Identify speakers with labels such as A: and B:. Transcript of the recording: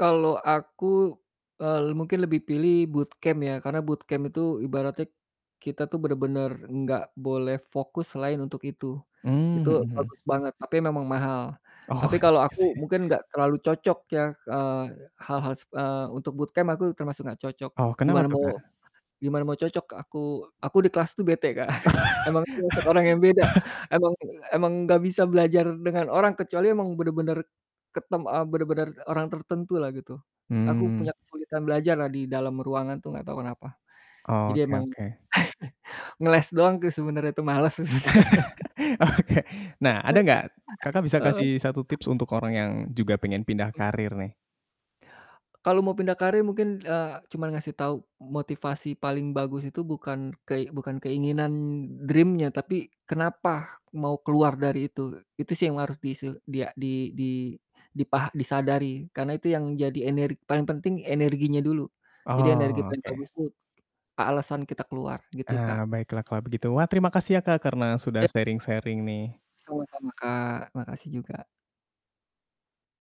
A: Kalau aku, eee, le mungkin lebih pilih bootcamp ya, karena bootcamp itu ibaratnya kita tuh benar-benar nggak boleh fokus selain untuk itu.
B: Mmm,
A: Itu
B: mhm
A: bagus
B: mhm.
A: banget, tapi memang mahal. Tapi
B: Oh
A: kalau
B: iya
A: aku
B: sih.
A: mungkin nggak terlalu cocok ya, eee, hal-hal se eee, untuk bootcamp, aku termasuk nggak cocok.
B: Oh, kenapa
A: Gimana
B: tuh
A: mau
B: Kak?
A: gimana mau cocok, aku aku di kelas tuh bete Kak, emang termasuk orang yang beda, emang emang nggak bisa belajar dengan orang, kecuali emang benar-benar ketem eee, benar-benar orang tertentu lah, gitu. Aku punya
B: Hmm.
A: kesulitan belajar lah di dalam ruangan tuh, nggak tahu kenapa. Jadi
B: Oke
A: emang
B: oke.
A: ngeles doang tuh sebenarnya tuh males.
B: Oke. Nah ada nggak Kakak bisa
A: Heeh.
B: kasih 1 tips untuk orang yang juga pengen pindah
A: Mhm.
B: karir nih?
A: Kalau mau pindah karir mungkin, eee, cuman ngasih tau motivasi paling bagus itu bukan kei bukan keinginan dream-nya tapi kenapa mau keluar dari itu. Itu sih yang harus dise di a di di dipah disadari. Karena itu yang jadi ener paling penting energinya dulu, jadi energi paling
B: Oke.
A: bagus tuh, a alasan kita keluar, gitu
B: Ah,
A: Kak.
B: baiklah kalau begitu, wah terima kasih ya, Kak, karena sudah
A: Ya.
B: sharing-sharing nih.
A: Sama-sama Kak, makasih juga.